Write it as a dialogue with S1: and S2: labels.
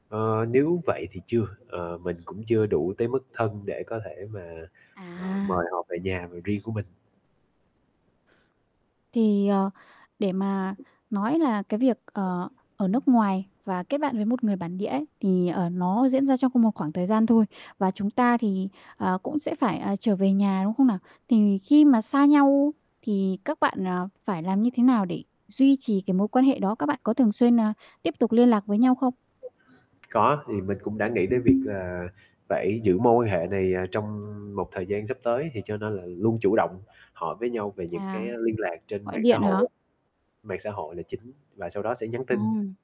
S1: Ờ, nếu vậy thì chưa, ờ, mình cũng chưa đủ tới mức thân để có thể mà, à,
S2: À!
S1: mời họ về nhà v riêng của mình.
S2: Thì, ờ, để mà nói là cái việc, ờ, ở nước ngoài và kết bạn với một người bản địa ấy, thì, ở, nó diễn ra trong cùng một khoảng thời gian thôi. Và chúng ta thì, ờ, cũng sẽ phải, à, trở về nhà, đúng không nào? Thì khi mà xa nhau, thì các bạn, à, phải làm như thế nào để duy trì cái mối quan hệ đó, các bạn có thường xuyên n tiếp tục liên lạc với nhau không?
S1: Có, thì mình cũng đã nghĩ tới việc là phải giữ mối quan hệ này, à, trong một thời gian sắp tới thì cho nên là luôn chủ động hỏi với nhau về những cái
S2: À,
S1: liên lạc trên
S2: gọi
S1: mạng xã
S2: điện hả?
S1: hội, mạng xã hội là chính, và sau đó sẽ nhắn tin.
S2: Ồ!